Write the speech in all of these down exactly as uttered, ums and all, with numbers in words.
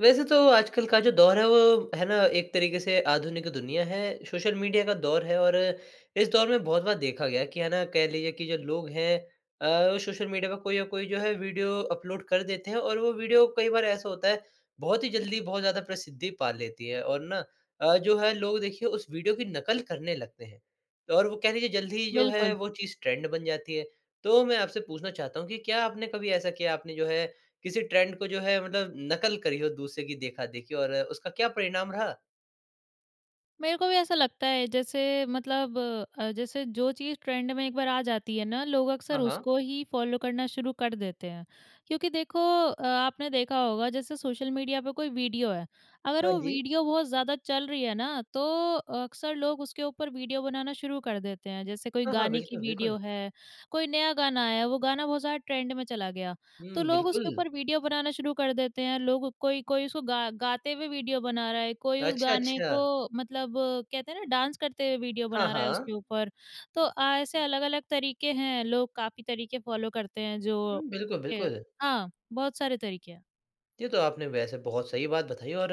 वैसे तो आजकल का जो दौर है वो है ना एक तरीके से आधुनिक दुनिया है, सोशल मीडिया का दौर है और इस दौर में बहुत बार देखा गया है कि है ना कह लीजिए कि जो लोग हैं अ, सोशल मीडिया पर कोई ना कोई जो है वीडियो अपलोड कर देते हैं और वो वीडियो कई बार ऐसा होता है बहुत ही ज़ल्दी बहुत ज़्यादा प्रसिद्धि पा लेती है। और ना अ, जो है लोग देखिए उस वीडियो की नकल करने लगते हैं। तो और वो कह लीजिए जल्दी ही जो है बिल्कुल। वो चीज़ ट्रेंड बन जाती है। तो मैं आपसे पूछना चाहता हूँ कि क्या आपने कभी ऐसा किया आपने जो है किसी ट्रेंड को जो है मतलब नकल करी हो दूसरे की देखा-देखी और उसका क्या परिणाम रहा? मेरे को भी ऐसा लगता है जैसे मतलब अ, जैसे जो चीज़ ट्रेंड में एक बार आ जाती है ना लोग हाँ, अक्सर हाँ। उसको ही फॉलो करना शुरू कर देते हैं। क्योंकि देखो अ, आपने देखा होगा जैसे सोशल मीडिया पे कोई वीडियो है, अगर हाँ वो जी। वीडियो बहुत ज़्यादा चल रही है ना तो अक्सर लोग उसके ऊपर वीडियो बनाना शुरू कर देते हैं। जैसे कोई हाँ, हाँ। गाने की बिल्कुल, बिल्कुल। वीडियो है, कोई नया गाना आया है वो गाना बहुत ज़्यादा ट्रेंड में चला गया तो हुँ, लोग उसके बिल्कुल। ऊपर वीडियो बनाना शुरू कर देते हैं। लोग कोई कोई उसको गा गाते हुए वीडियो बना रहा है। कोई उस अच्छा, गाने अच्छा। को मतलब कहते हैं ना डाँस करते हुए वीडियो हाँ, बना रहा है उसके हाँ। ऊपर। तो अ, ऐसे अलग-अलग तरीके हैं लोग काफ़ी तरीके फॉलो करते हैं जो हुँ। बिल्कुल, के बिल्कुल। हाँ बहुत सारे तरीके हैं। ये तो आपने वैसे बहुत सही बात बताई और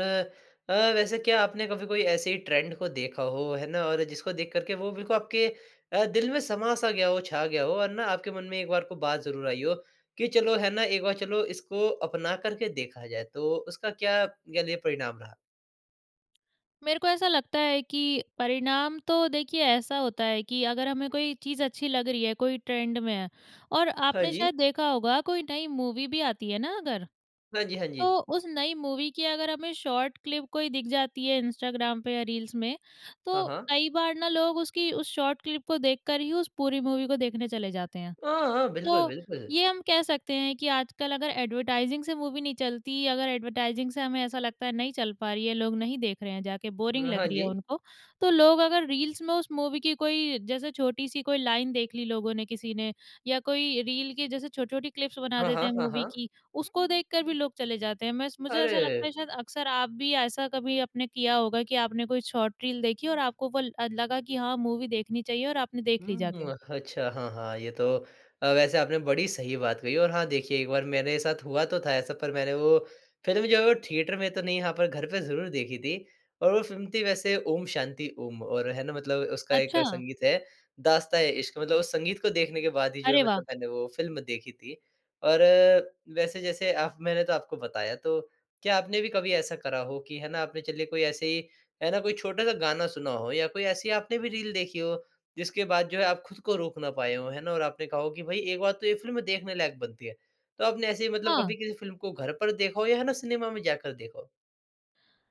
अ, वैसे क्या आपने कभी कोई ऐसे ही ट्रेंड को देखा हो है ना और जिसको देख कर के वो बिल्कुल आपके अ, दिल में समा सा गया हो, छा गया हो और ना आपके मन में एक बार कोई बात ज़रूर आई हो कि चलो है ना, एक बार चलो इसको अपना कर के देखा जाए, तो उसका क्या कह लीजिए परिणाम रहा? मेरे को ऐसा लगता है कि परिणाम तो देखिए ऐसा होता है कि अगर हमें कोई चीज़ अच्छी लग रही है, कोई ट्रेंड में है और हाँ आपने जी। शायद देखा होगा कोई नई मूवी भी आती है ना अगर। हाँ जी, हाँ तो जी। उस नई मूवी की अगर हमें शॉर्ट क्लिप कोई दिख जाती है इंस्टाग्राम पे या रील्स में। हाँ, तो हाँ। कई बार ना लोग उसकी उस शॉर्ट क्लिप को देखकर ही उस पूरी मूवी को देखने चले जाते हैं। हाँ, हाँ, बिल्कुल, तो बिल्कुल। ये हम कह सकते हैं कि आजकल अगर ऐड्वर्टाइज़िंग से मूवी नहीं चलती, अगर ऐड्वर्टाइज़िंग से हमें ऐसा लगता है नहीं चल पा रही है, लोग नहीं देख रहे हैं जाके, बोरिंग ह लग हाँ रही है जी। उनको। तो लोग अगर रील्स में उस मूवी की कोई जैसे छोटी सी कोई लाइन देख ली लोगों ने किसी ने या कोई रील की जैसे छोटी-छोटी क्लिप्स बना हाँ, देते हाँ, हैं, हाँ, मूवी हाँ। की। उसको देख कर भी लोग चले जाते हैं, मैं स मुझे ऐसा लगता अरे! है शायद अक्सर आप भी ऐसा कभी आपने किया होगा कि आपने कोई शॉर्ट रील देखी और आपको वो ल अ, लगा कि हाँ मूवी देखनी चाहिए और आपने देख ली हुँ, जाके। अच्छा हाँ, हाँ ये तो अ, वैसे आपने बड़ी सही बात कही और हाँ देखिए एक बार मेरे साथ हुआ तो था ऐसा पर मैंने वो फ़िल्म जो है वो थिएटर में तो नहीं हाँ, पर घर पे ज़रूर देखी थी और वो फ़िल्म थी वैसे ओम शांति ओम और है ना मतलब उसका एक अच्छा। संगीत है, दास्ता ए इश्क़, मतलब उस संगीत को देखने के बाद ही जो है अरे वाह! मतलब मैंने वो फ़िल्म देखी थी और वैसे जैसे आप मैंने तो आपको बताया। तो क्या आपने भी कभी ऐसा करा हो कि है ना आपने चलिए कोई ऐसे ही है ना कोई छोटा-सा गाना सुना हो या कोई ऐसी आपने भी रील देखी हो, जिसके बाद जो है आप खुद को रोक ना पाए हो है ना और आपने कहा हो कि भई एक बार तो ये फ़िल्म देखने लायक बनती है। तो आपने ऐसे ही मतलब हाँ। कभी किसी फ़िल्म को घर पर देखा हो या है ना सिनेमा में जाकर देखा हो?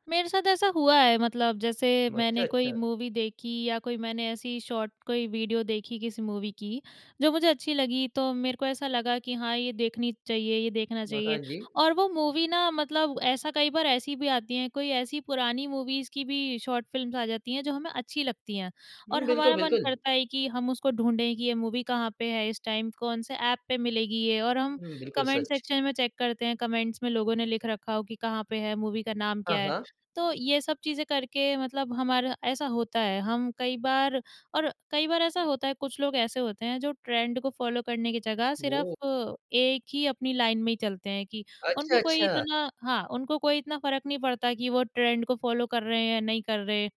मेरे साथ ऐसा हुआ है, मतलब जैसे म अच्छा, मैंने कोई अच्छा। मूवी देखी या कोई मैंने ऐसी शॉर्ट कोई वीडियो देखी, किसी मूवी की, जो मुझे अच्छी लगी तो मेरे को ऐसा लगा कि हाँ ये देखनी चाहिए, ये देखना म हाँ चाहिए जी। और वो मूवी ना मतलब ऐसा कई बार ऐसी भी आती है, कोई ऐसी पुरानी मूवीज़ की भी शॉर्ट फिल्म्स आ जाती हैं जो हमें अच्छी लगती हैं हुँ, और बिल्कुल, हमारा मन बिल्कुल। करता है कि हम उसको ढूँढें कि ये मूवी कहाँ पे है इस टाइम कौन से ऐप पे मिलेगी ये और हम हुँ, बिल्कुल कमेंट सच। सेक्शन में चेक करते हैं, कमेंट्स में लोगों ने लिख रखा हो कि कहाँ पे है, मूवी का नाम हाँ, क्या है? हाँ। तो ये सब चीज़ें करके मतलब हमारा ऐसा होता है, हम कई बार और कई बार ऐसा होता है कुछ लोग ऐसे होते हैं जो ट्रेंड को फॉलो करने की जगह, वो सिर्फ एक ही अपनी लाइन में ही चलते हैं कि अच्छा, उनको कोई अच्छा। इतना हाँ, उनको कोई इतना फ़र्क नहीं पड़ता कि वो ट्रेंड को फॉलो कर रहे हैं या नहीं कर रहे हैं।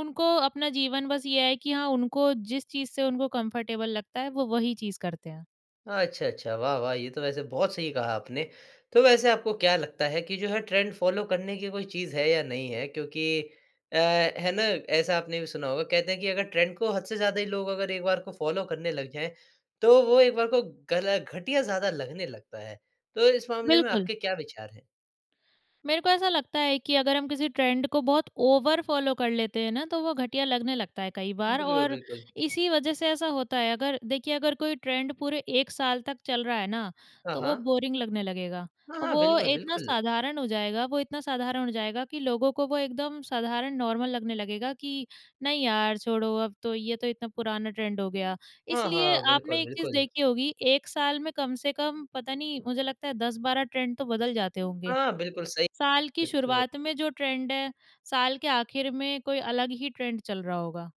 उनको अपना जीवन बस ये है कि हाँ उनको जिस चीज़ से उनको कम्फर्टेबल लगता है, वो वही चीज़ करते हैं। अ, अच्छा, अच्छा, वाह, वाह ये तो वैसे बहुत सही कहा आपने। तो वैसे आपको क्या लगता है कि जो है ट्रेंड फॉलो करने की कोई चीज़ है या नहीं है? क्योंकि अ, है ना ऐसा आपने भी सुना होगा कहते हैं कि अगर ट्रेंड को हद से ज़्यादा ही लोग अगर एक बार को फॉलो करने लग जाएँ, तो वो एक बार को गल घटिया ज़्यादा लगने लगता है। तो इस मामले में बिल्कुल। आपके क्या विचार हैं? मेरे को ऐसा लगता है कि अगर हम किसी ट्रेंड को बहुत ओवर फ़ॉलो कर लेते हैं ना, तो वो घटिया लगने लगता है कई बार। बिल्कुल, और बिल्कुल। इसी वज़ह से ऐसा होता है अगर देखिए अगर कोई ट्रेंड पूरे एक साल तक चल रहा है ना हाँ, तो वो हाँ। बोरिंग लगने लगेगा। हाँ, हाँ। वो बिल्कुल, इतना बिल्कुल। साधारण हो जाएगा वो इतना साधारण हो जाएगा कि लोगों को वो एकदम साधारण नॉर्मल लगने लगेगा कि नहीं यार छोड़ो अब तो, ये तो इतना पुराना ट्रेंड हो गया। हाँ, इसलिए हाँ। बिल्कुल, आपने एक चीज़ बिल्कुल। देखी होगी एक साल में कम से कम पता नहीं मुझे लगता है दस बारह ट्रेंड तो बदल जाते होंगे। हाँ, बिल्कुल सही। साल की ये तो शुरुआत में जो ट्रेंड है साल के आखिर में कोई अलग ही ट्रेंड चल रहा होगा।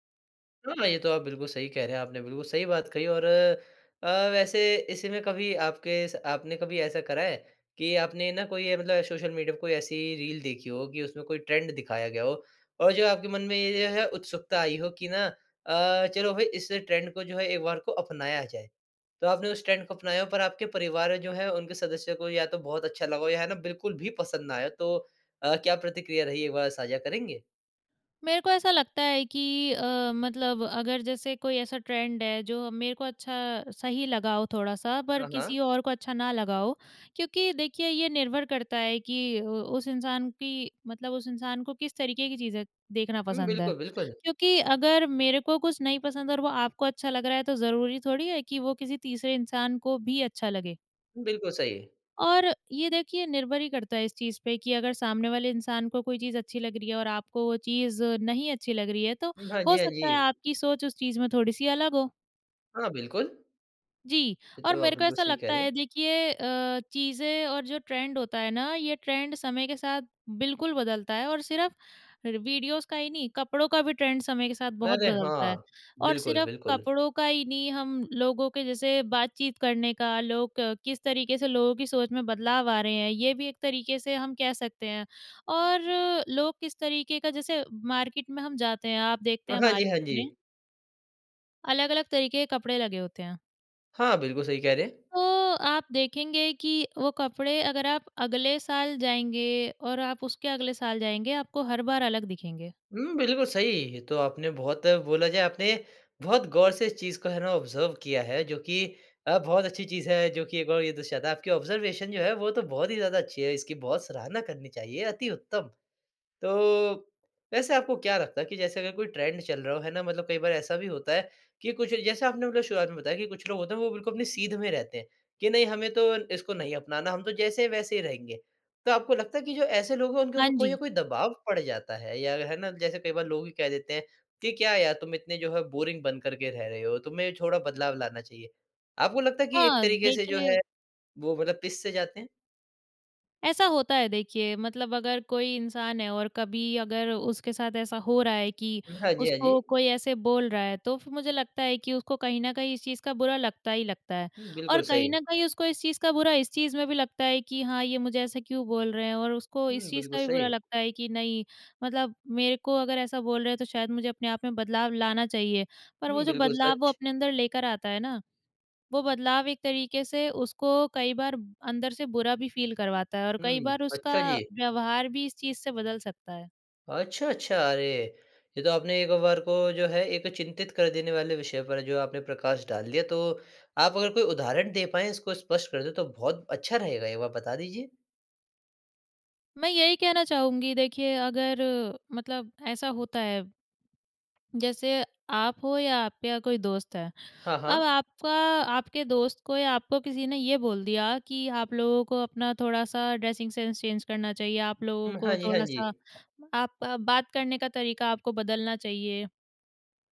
हाँ, ये तो आप बिल्कुल सही कह रहे हैं। आपने बिल्कुल सही बात कही और अ अ, वैसे इसी में कभी आपके स आपने कभी ऐसा करा है कि आपने ना कोई अ, मतलब सोशल मीडिया पे कोई ऐसी रील देखी हो कि उसमें कोई ट्रेंड दिखाया गया हो। और जो है आपके मन में ये जो है उत्सुकता आई हो कि ना अ, चलो भाई इस ट्रेंड को जो है एक बार को अपनाया जाए। तो आपने उस ट्रेंड को अपनाया हो पर आपके परिवार में जो है, उन सदस्यों को या तो बहुत अच्छा लगा हो या है ना बिल्कुल भी पसंद ना आए। तो अ, क्या प्रतिक्रिया रही एक बार साझा करेंगे? मेरे को ऐसा लगता है कि अ, मतलब अगर जैसे कोई ऐसा ट्रेंड है जो मेरे को अच्छा सही लगा हो थोड़ा-सा पर हाँ, हाँ। किसी और को अच्छा ना लगा हो क्योंकि देखिए ये निर्भर करता है कि उ उस इंसान की मतलब उस इंसान को किस तरीके की चीज़ें देखना हुँ। पसंद है। बिल्कुल, बिल्कुल। क्योंकि अगर मेरे को कुछ नहीं पसंद और वो आपको अच्छा लग रहा है तो ज़रूरी थोड़ी है कि वो किसी तीसरे इंसान को भी अच्छा लगे? बिल्कुल सही। और ये देखिए निर्भर ही करता है इस चीज़ पे कि अगर सामने वाले इंसान को कोई चीज़ अच्छी लग रही है और आपको वो चीज़ नहीं अच्छी लग रही है तो भ हाँ जी, हो हाँ जी। सकता है आपकी सोच उस चीज़ में थोड़ी-सी अलग हो। हाँ बिल्कुल। जी, ये और तो आप मेरे को बिल्कुल ऐसा सही कह लगता रहे है हैं। देखिए अ, चीज़ें और जो ट्रेंड होता है ना, ये ट्रेंड समय के साथ बिल्कुल बदलता है। और सिर्फ़ रि वीडियोज़ का ही नहीं, कपड़ों का भी ट्रेंड समय के साथ बहुत अरे! बदलता है। हाँ। और बिल्कुल, सिर्फ़ बिल्कुल। कपड़ों का ही नहीं हम लोगों के जैसे बातचीत करने का, लोग किस तरीके से लोगों की सोच में बदलाव आ रहे हैं, ये भी एक तरीके से हम कह सकते हैं। और लोग किस तरीके का जैसे मार्केट में हम जाते हैं आप अ, देखते हैं हाँ जी। मार्केट हाँ में जी। अलग-अलग तरीके के कपड़े लगे होते हैं। हाँ, बिल्कुल सही कह रहे हैं। तो आप देखेंगे कि वो कपड़े अगर आप अगले साल जाएँगे और आप उसके अगले साल जाएँगे आपको हर बार अलग दिखेंगे। हुँ, बिल्कुल सही। ये तो आपने बहुत बोला जाए आपने बहुत गौर से इस चीज़ को है ना, ऑब्ज़र्व किया है जो कि अ, बहुत अच्छी चीज़ है जो कि एक बार ये दर्शाता है आपकी ऑब्जर्वेशन जो है वो तो बहुत ही ज़्यादा अच्छी है, इसकी बहुत सराहना करनी चाहिए, अति उत्तम। तो वैसे आपको क्या लगता है कि जैसे अगर कोई ट्रेंड चल रहा हो, है ना। मतलब कई बार ऐसा भी होता है कि कुछ जैसे आपने मतलब शुरुआत में बताया कि कुछ लोग होते है वो बिल्कुल अपनी सीध में रहते हैं कि नहीं हमें तो इसको नहीं अपनाना, हम तो जैसे है वैसे ही रहेंगे। तो आपको लगता है कि जो ऐसे लोग है उनके हाँ ऊपर कोई ना जी। कोई दबाव पड़ जाता है या है ना, जैसे कई बार लोग ही कह देते हैं कि क्या यार तुम इतने जो है बोरिंग बन कर के रह रहे हो, तुम्हें थोड़ा बदलाव लाना चाहिए। आपको लगता है कि एक हाँ, तरीके से जो देखिए है वो मतलब पिस से जाते हैं? ऐसा होता है देखिए मतलब अगर कोई इंसान है और कभी अगर उसके साथ ऐसा हो रहा है कि हाँ जी, हाँ उसको जी। कोई ऐसे बोल रहा है तो फिर मुझे लगता है कि उसको कहीं न कहीं इस चीज़ का बुरा लगता ही लगता है। हुँ, बिल्कुल और कहीं न सही। कहीं उसको इस चीज़ का बुरा इस चीज़ में भी लगता है कि हाँ, ये मुझे ऐसा क्यों बोल रहे हैं और उसको इस हुँ, चीज़ बिल्कुल का भी बुरा सही। लगता है कि नहीं मतलब मेरे को अगर ऐसा बोल रहे हैं तो शायद मुझे अपने आप में बदलाव लाना चाहिए। पर वो हुँ, जो बिल्कुल बदलाव वो सच। अपने अंदर लेकर आता है ना, वो बदलाव एक तरीके से उसको कई बार अंदर से बुरा भी फ़ील करवाता है और कई हुँ। बार उसका अच्छा जी। व्यवहार भी इस चीज़ से बदल सकता है। अच्छा, अच्छा अरे! ये तो आपने एक बार को जो है एक चिंतित कर देने वाले विषय पर जो आपने प्रकाश डाल दिया, तो आप अगर कोई उदाहरण दे पाएँ, इसको स्पष्ट कर दे, तो बहुत अच्छा रहेगा, एक बार बता दीजिए? मैं यही कहना चाहूँगी, देखिए अगर मतलब ऐसा होता है। जैसे आप हो या आपके या कोई दोस्त है। हाँ, अब हाँ। आपका आपके दोस्त को या आपको किसी ने ये बोल दिया कि आप लोगों को अपना थोड़ा-सा ड्रेसिंग सेन्स चैंज करना चाहिए। आप लोगों हुँ। हाँ को जी, हाँ जी। थोड़ा-सा आप आप बात करने का तरीका आपको बदलना चाहिए।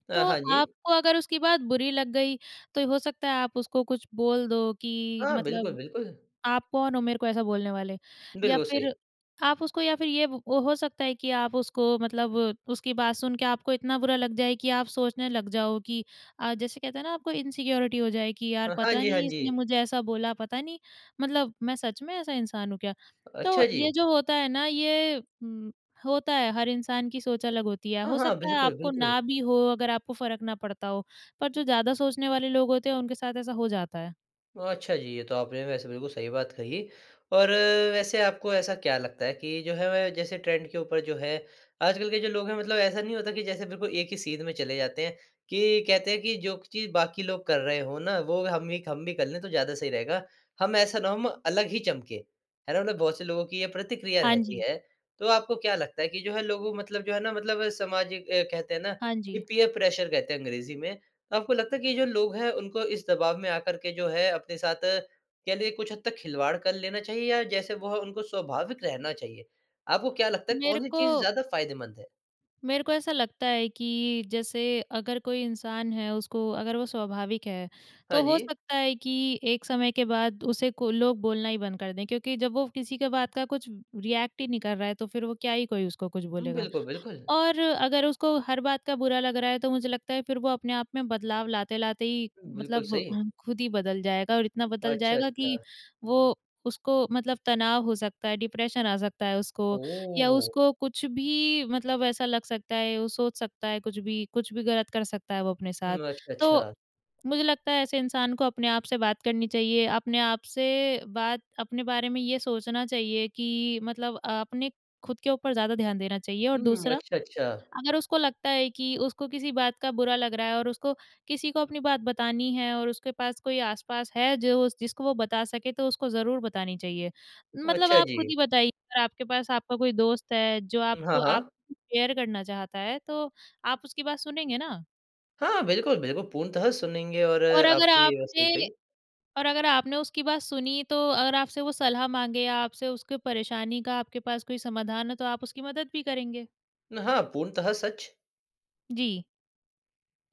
अ, तो हाँ जी। आपको अगर उसकी बात बुरी लग गई, तो हो सकता है आप उसको कुछ बोल दो कि हाँ, बिल्कुल, मतलब बिल्कुल। आप कौन हो मेरे को ऐसा बोलने वाले? या बिल्कुल फिर सही। आप उसको या फिर ये हो सकता है कि आप उसको मतलब उसकी बात सुन के आपको इतना बुरा लग जाए कि आप सोचने लग जाओ कि अ, जैसे कहते हैं ना आपको इनसिक्योरिटी हो जाए कि अ, यार हाँ पता जी, हाँ नहीं इसने जी। मुझे ऐसा बोला, पता नहीं मतलब मैं सच में ऐसा इंसान हूँ क्या? तो अच्छा ये जी। जो होता है ना ये उम, होता है हर इंसान की सोच अलग होती है, हाँ, हो हाँ। सकता है बिल्कुल, आपको बिल्कुल। ना भी हो अगर आपको फ़र्क ना पड़ता हो, पर जो ज़्यादा सोचने वाले लोग होते हैं, उनके साथ ऐसा हो जाता है। ओ, अच्छा जी, ये तो आपने वैसे बिल्कुल सही बात कही और वैसे आपको ऐसा क्या लगता है कि जो है वह जैसे ट्रेंड के ऊपर जो है, आजकल के जो लोग है मतलब ऐसा नहीं होता कि जैसे बिल्कुल एक ही सीध में चले जाते हैं, कि कहते हैं कि जो चीज़ बाकी लोग कर रहे हो ना वो हम ही हम भी कर लें तो ज़्यादा सही रहेगा। हम ऐसा ना हो हम अलग ही चमके, है ना? मतलब बहुत से लोग की ये प्रतिक्रिया हाँ रहती जी। है, तो आपको क्या लगता है कि जो है लोगों मतलब जो है ना मतलब सामाजिक अ, कहते हैं ना, हाँ की जी। पीयर प्रेशर कहते हैं अंग्रेजी में। तो आपको लगता है कि ये जो लोग है उनको इस दबाव में आकर के जो है अपने साथ कह लीजिए कुछ हद तक खिलवाड़ कर लेना चाहिए? या जैसे वो उनको स्वाभाविक रहना चाहिए? आपको क्या लगता है मेरे कौन-सी चीज़ को ज़्यादा फ़ायदेमंद है? मेरे को ऐसा लगता है कि जैसे अगर कोई इंसान है उसको, अगर वो स्वाभाविक है, हाँ तो हो जी। सकता है कि एक समय के बाद उसे को लोग बोलना ही बंद कर दें क्योंकि जब वो किसी के बात का कुछ रिएक्ट ही नहीं कर रहा है तो फिर वो क्या ही कोई उसको कुछ बोलेगा? बिल्कुल, बिल्कुल। और अगर उसको हर बात का बुरा लग रहा है तो मुझे लगता है फिर वो अपने आप में बदलाव लाते-लाते ही, बिल्कुल, मतलब सही। खुद ही बदल जाएगा और इतना बदल अच्छा, जाएगा कि, अच्छा। वो उसको मतलब तनाव हो सकता है डिप्रेशन आ सकता है उसको। या ओह! उसको कुछ भी मतलब ऐसा लग सकता है वो सोच सकता है कुछ भी, कुछ भी गलत कर सकता है वो अपने हुँ, साथ। अच्छा, तो अच्छा। मुझे लगता है ऐसे इंसान को अपने आप से बात करनी चाहिए, अपने आप से बात अपने बारे में ये सोचना चाहिए कि मतलब अ, अपने खुद के ऊपर ज़्यादा ध्यान देना चाहिए और हुँ, दूसरा, अच्छा, अच्छा। अगर उसको लगता है कि उसको किसी बात का बुरा लग रहा है और उसको किसी को अपनी बात बतानी है और उसके पास कोई आस-पास है जो जिसको वो बता सके तो उसको ज़रूर बतानी चाहिए। मतलब अच्छा आप खुद जी। ही बताइए अगर आपके पास आपका कोई दोस्त है, जो हुँ, हाँ, आपको आप हाँ। कुछ शेयर करना चाहता है, तो आप उसकी बात सुनेंगे ना? हाँ बिल्कुल, बिल्कुल। पूर्णतः सुनेंगे और और अगर आपने सही आपने कही। और अगर आपने उसकी बात सुनी तो अगर आपसे वो सलाह माँगे या आपसे उसकी परेशानी का, आपके पास कोई समाधान है तो आप उसकी मदद भी करेंगे। हाँ, पूर्णतः सच। जी।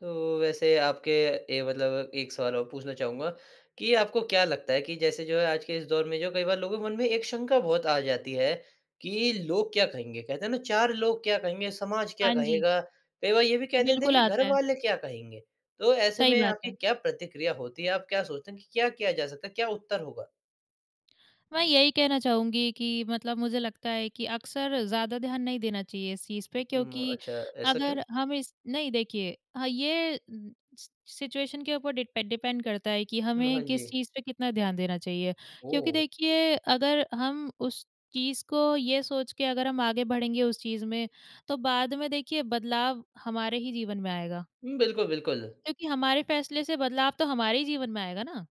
तो वैसे आपके ए मतलब एक सवाल और पूछना चाहूँगा कि आपको क्या लगता है कि जैसे जो है आज के इस दौर में जो है कई बार लोगों के मन में एक शँका बहुत आ जाती है कि लोग क्या कहेंगे? कहते हैं ना चार लोग क्या कहेंगे? समाज क्या हाँ जी। कहेगा? कई बार ये भी कह देते हैं बिल्कुल कि घर आता है। वाले क्या कहेंगे? तो ऐसे सही में बात आपकी है। क्या प्रतिक्रिया होती है, आप क्या सोचते हैं कि क्या किया जा सकता है? क्या उत्तर होगा? मैं यही कहना चाहूँगी कि मतलब मुझे लगता है कि अक्सर ज़्यादा ध्यान नहीं देना चाहिए इस चीज़ पे उम, क्योंकि अच्छा। ऐसा क्यों? अगर हम इस नहीं, देखिए हाँ, ये सि सिचुएशन के ऊपर डिड डिपेंड करता है कि हुँ। हाँ हमें किस जी। चीज़ पे कितना ध्यान देना चाहिए। क्योंकि ओह! देखिए अगर हम उस चीज़ को ये सोच के अगर हम आगे बढ़ेंगे उस चीज़ में तो बाद में देखिए बदलाव हमारे ही जीवन में आएगा। उ, बिल्कुल, बिल्कुल। क्योंकि हमारे फ़ेेसले से बदलाव तो हमारे ही जीवन में आएगा ना,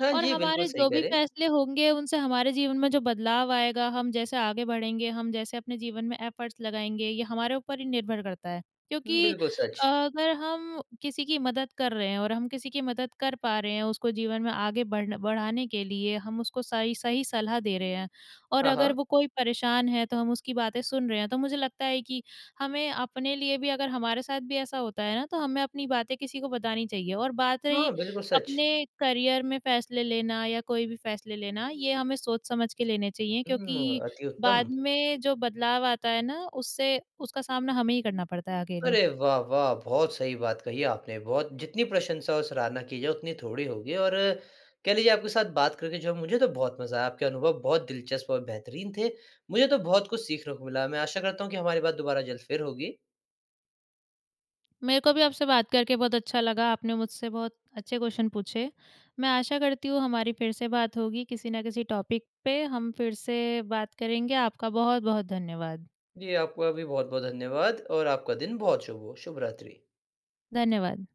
हाँ और जी। बिल्कुल हमारे सही जो कह भी रहे हैं। फ़ेेसले होंगे उनसे हमारे जीवन में जो बदलाव आएगा, हम जैसे आगे बढ़ेंगे, हम जैसे अपने जीवन में एफ़र्ट्स लगाएँगे, ये हमारे ऊपर ही निर्भर करता है। उम, क्योंकि बिल्कुल सच। अगर हम किसी की मदद कर रहे हैं और हम किसी की मदद कर पा रहे हैं, उसको जीवन में आगे बढ़ बढ़ाने के लिए हम उसको सही-सही सलाह दे रहे हैं और हाँ, अगर हाँ। वो कोई परेशान है तो हम उसकी बातें सुन रहे हैं, तो मुझे लगता है कि हमें अपने लिए भी अगर हमारे साथ भी ऐसा होता है ना, तो हमें अपनी बातें किसी को बतानी चाहिए। और बात हाँ। रही बिल्कुल सच। अपने करियर में फ़ेेसले लेना या कोई भी फ़ेेसले लेना, ये हमें सोच समझ के लेने चाहिए हुँ। क्योंकि अति उत्तम। बाद में जो बदलाव आता है ना, उससे उसका सामना हमें ही करना पड़ता है अकेले। अरे वाह, वाह! बहुत सही बात कही आपने। बहुत जितनी प्रशंसा और सराहना की जाए उतनी थोड़ी होगी और कह लीजिए आपके साथ बात करके जो है मुझे तो बहुत मज़ा आया। आपके अनुभव बहुत दिलचस्प और बेहतरीन थे। मुझे तो बहुत कुछ सीखने को मिला। मैं आशा करता हूँ कि हमारी बात दुबारा ज़ल्द फिर होगी। मेरे को भी आपसे बात करके बहुत अच्छा लगा। आपने मुझसे बहुत अच्छे क्वेश्चन पूछे। मैं आशा करती हूँ हमारी फिर से बात होगी, किसी न किसी टॉपिक पे हम फिर से बात करेंगे। आपका बहुत-बहुत धन्यवाद। जी आपका भी बहुत-बहुत धन्यवाद और आपका दिन बहुत शुभ हो। शुभ रात्रि। धन्यवाद।